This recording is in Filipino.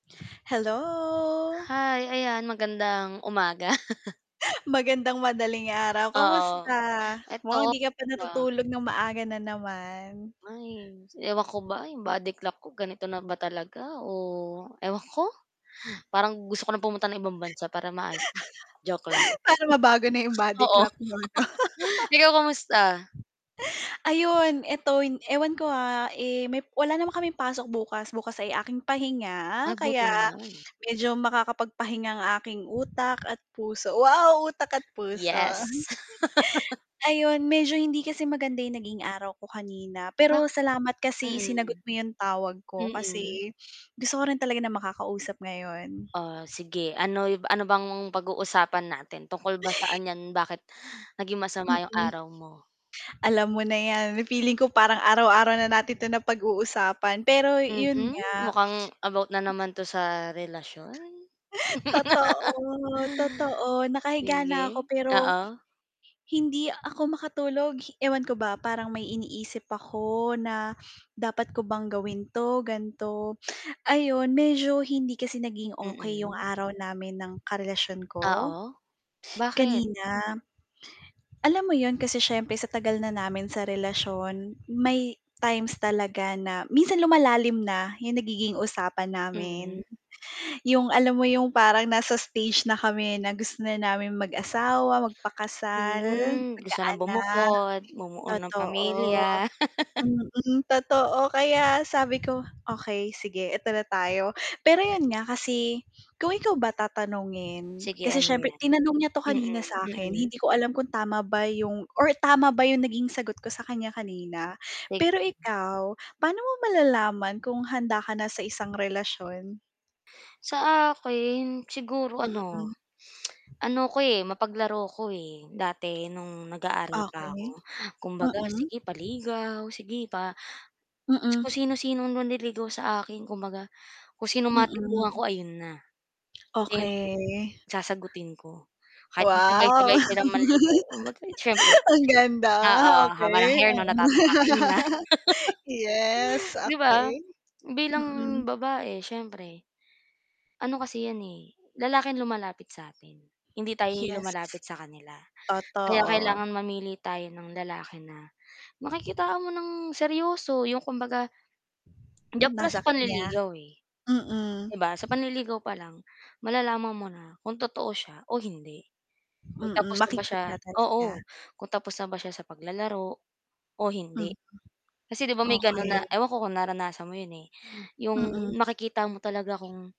Hello. Hi, ayan magandang umaga. Magandang madaling araw, kamusta Oo eto mukhang hindi ka pa [unintelligible] na. natutulog ng maaga na naman. Ay ewan ko ba 'yong body clock ko ganito na ba talaga, oh, ewan ko, parang gusto ko na pumunta ng ibang bansa para maayos joke lang. Para mabago na yung body Oo. clock mo ano. ikaw kumusta? Ayun eto in ewan ko, ha, eh, may wala naman kaming pasok bukas, bukas ay aking Ah, pahinga buti kaya naman. medyo makakapagpahinga ang aking utak at puso, wow utak at puso. Yes. Ayun medyo hindi kasi maganda yung naging araw ko kanina pero Bakit salamat mm, kasi sinagot mo yung tawag ko mm. kasi gusto ko rin talaga na makakausap ngayon. Oh, sige ano yu ano bang pag-uusapan natin tungkol ba saan 'yan bakit naging masama yung Mm. araw mo? Alam mo na yan, feeling ko parang araw-araw na natin to napag-uusapan pero yun Mhm, nga. mukhang about na naman to sa relasyon. Totoo, totoo nakahiga Sige na ako pero oo. hindi ako makatulog, ewan ko ba parang may iniisip ako na dapat ko bang gawin 'to, gan'to, ayon medyo hindi kasi naging okey yung Mm. araw namin ng karelasyon ko Oo, bakit? kanina. Alam mo yun kasi siyempre sa tagal na namin sa relasyon, may times talaga na minsan lumalalim na 'yong nagiging usapan namin, Mm. yung alam mo yung parang nasa stage na kami na gusto na namin mag-asawa, magpakasal, Hmm, gusto ng magkaanak bumukod, bumuo ng totoo. pamilya. Mm, totoo, kaya sabi ko, "Okey sige, eto na tayo," pero yun nga, kasi kung ikaw ba tatanungin, Sige kasi ano siyempre yan, tinanong niya to mm, kanina sa akin, mm. hindi ko alam kung tama ba yung or tama ba yung naging sagot ko sa kanya kanina, Sige. pero ikaw paano mo malalaman kung handa ka na sa isang relasyon? Sa akin siguro Mm. ano ano ko, eh, mapaglaro ako, eh, dati nung nag-aaral pa ako Okey, kumbaga mm. sige paligaw sige pa Kung Mm. sino-sinong manliligaw sa akin kung baga, kung sinong Mm. matipuhan ko ayun na, hindi yung Okey. sasagutin ko, kahit Wow magsabay-sabay silang manligaw, mabait, siyempre. ang ganda Oo haba ng okey. hair 'no, natatapakan mo na Yes Di ba, okey, bilang mm. babae siyempre. Ano kasi 'yan, eh, lalaki ang lumalapit sa atin, hindi tayo yung Yes. lumalapit sa kanila, kaya Totoo. kailangan mamili tayo ng lalaki na makikitaan mo ng seryoso, yung kumbaga Andiyan palang Nasa sa kanya, panliligaw, eh. 'Di mm. ba sa panliligaw pa lang, malalaman mo na kung totoo siya o hindi, kung Mm, tapos na ba siya makikita talaga. oo, kung tapos na ba siya sa paglalaro, o hindi, Mm. kasi 'di ba may gano'n na Okey. ewan ko kung naranasan mo 'yon, eh, 'yong Mm. makikita mo talaga kung